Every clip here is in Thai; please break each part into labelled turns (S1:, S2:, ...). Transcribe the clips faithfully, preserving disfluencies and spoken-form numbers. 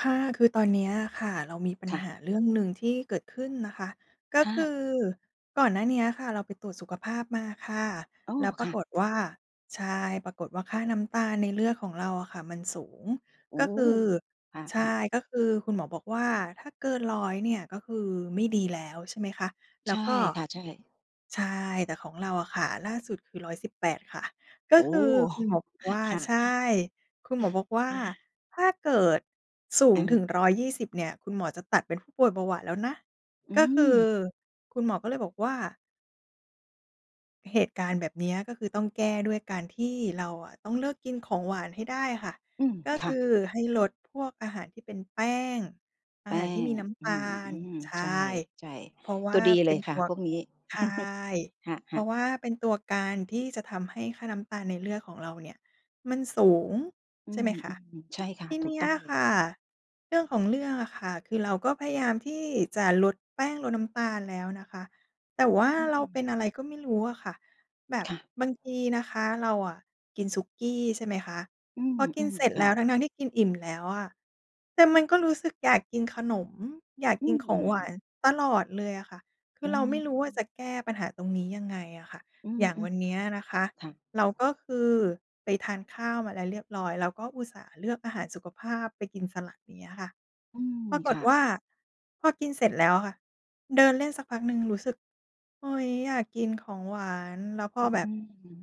S1: ค่ะ คือตอนเนี้ยอะค่ะเรามีปัญ
S2: ค่
S1: ห
S2: ะ
S1: าเรื่องหนึ่งที่เกิดขึ้นนะคะ ก็
S2: อ
S1: คื
S2: า
S1: อก่อนหน้าเนี้ยค่ะ เราไปตรวจสุขภาพมาค่ะ
S2: อ๋อ
S1: แล้วปร
S2: ค
S1: า
S2: ่ะ
S1: กฏว่า ใช่ ปรากฏว่าค่าน้ำตาลในเลือดของเราอะค่ะมันสูง
S2: โอ
S1: ก
S2: ้
S1: ็คือ
S2: ค
S1: ใช่
S2: ่ะ ๆ
S1: ก็คือคุณหมอบอกว่า ถ้าเกิน ร้อย เนี่ยก็คือไม่ดีแล้ว ใช่ไหมคะ แล
S2: ใ
S1: ้
S2: ช
S1: ว
S2: ่
S1: ก็
S2: ค่ะ ใช่
S1: ใช่ แต่ของเราอะค่ะ ล่าสุดคือ ร้อยสิบแปด ค่ะ ก็
S2: โอ้
S1: คือคุณหมอบอกว่า
S2: ค่
S1: ใ
S2: ะ
S1: ช่ คุณหมอบอกว่า "ถ้าเกิดสู
S2: อ
S1: ง
S2: ื
S1: ถึง
S2: ม
S1: ร้อยยี่สิบ เนี่ย คุณหมอจะตัดเป็นผู้ป่วยเบาหวานแล้วนะ"
S2: อื
S1: ก็คือ
S2: ม
S1: คุณหมอก็เลยบอกว่า เหตุการณ์แบบเนี้ย ก็คือต้องแก้ด้วยการที่เราอะต้องเลิกกินของหวานให้ได้อะค่ะ
S2: อืม
S1: ก็
S2: ค
S1: ค
S2: ่ะ
S1: ือให้ลดพวกอาหารที่เป็นแป้ง อ
S2: แ
S1: า
S2: ป
S1: หาร
S2: ้
S1: ที่ม
S2: ง
S1: ีน้ำ
S2: อื
S1: ตาล
S2: ม
S1: ใช
S2: ๆ ใ
S1: ่
S2: ช่
S1: เพราะว
S2: ๆ ตั
S1: ่
S2: ว
S1: า
S2: ดี
S1: เ
S2: เ
S1: ป
S2: ล
S1: ็
S2: ย
S1: น
S2: ค
S1: ต
S2: ่ะ
S1: ัว
S2: พวกนี้
S1: ใช่
S2: ค
S1: เพ
S2: ่
S1: ร
S2: ะ
S1: า
S2: ๆ
S1: ะว่าเป็นตัวการที่จะทำให้ค่าน้ำตาลในเลือดของเราเนี่ยมันสูง
S2: อื
S1: ใช่ไ
S2: ม
S1: หมคะ
S2: ๆ ใช่ค่
S1: ท
S2: ะ
S1: ี
S2: ถ
S1: เ
S2: ู
S1: น
S2: ก
S1: ี้
S2: ต
S1: ย
S2: ้อง
S1: อะ
S2: เล
S1: ค
S2: ย
S1: ่ะ เรื่องของเรื่องอะค่ะ คือเราก็พยายามที่จะลดแป้ง ลดน้ำตาลแล้วนะคะ แต่ว่า
S2: อื
S1: เราเป็
S2: ม
S1: นอะไรก็ไม่รู้อะค่ะ แบบ
S2: ค่ะ
S1: บางทีนะคะเราอะกินสุกี้ ใช่ไหมคะ
S2: อื
S1: พอกิน
S2: ม
S1: เสร็จ
S2: ๆ ค
S1: แล
S2: ่
S1: ้วทั
S2: ะ
S1: ้ง ๆ ที่กินอิ่มแล้วอะ แต่มันก็รู้สึกอยากกินขนม อยาก
S2: อื
S1: กินของหวาน
S2: ม
S1: ตลอดเลยอะค่ะ คื
S2: อื
S1: อเราไม่รู้ว่าจ
S2: ม
S1: ะแก้ปัญหาตรงนี้ยังไงอะค่ะ
S2: อื
S1: อย่างว
S2: ม
S1: ันเนี้ยนะคะ
S2: ๆ ค่ะ
S1: เราก็คือไปทานข้าวมาแล้วเรียบร้อย แล้วก็อุตส่าห์เลือกอาหารสุขภาพ ไปกินสลัด อย่างเงี้ยอะค่ะ
S2: อืม
S1: ปราก
S2: ค
S1: ฏ
S2: ่
S1: ว
S2: ะ
S1: ่าพอกินเสร็จแล้วค่ะ เดินเล่นสักพักหนึ่งรู้สึก เฮ้ย อยากกินของหวาน แล้วพอ
S2: อื
S1: แบบ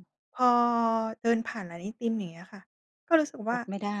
S2: ม
S1: พอเดินผ่านร้านไอติม อย่างเงี้ยค่ะ ก็รู้สึกว
S2: อ
S1: ่า
S2: ดไม่ได้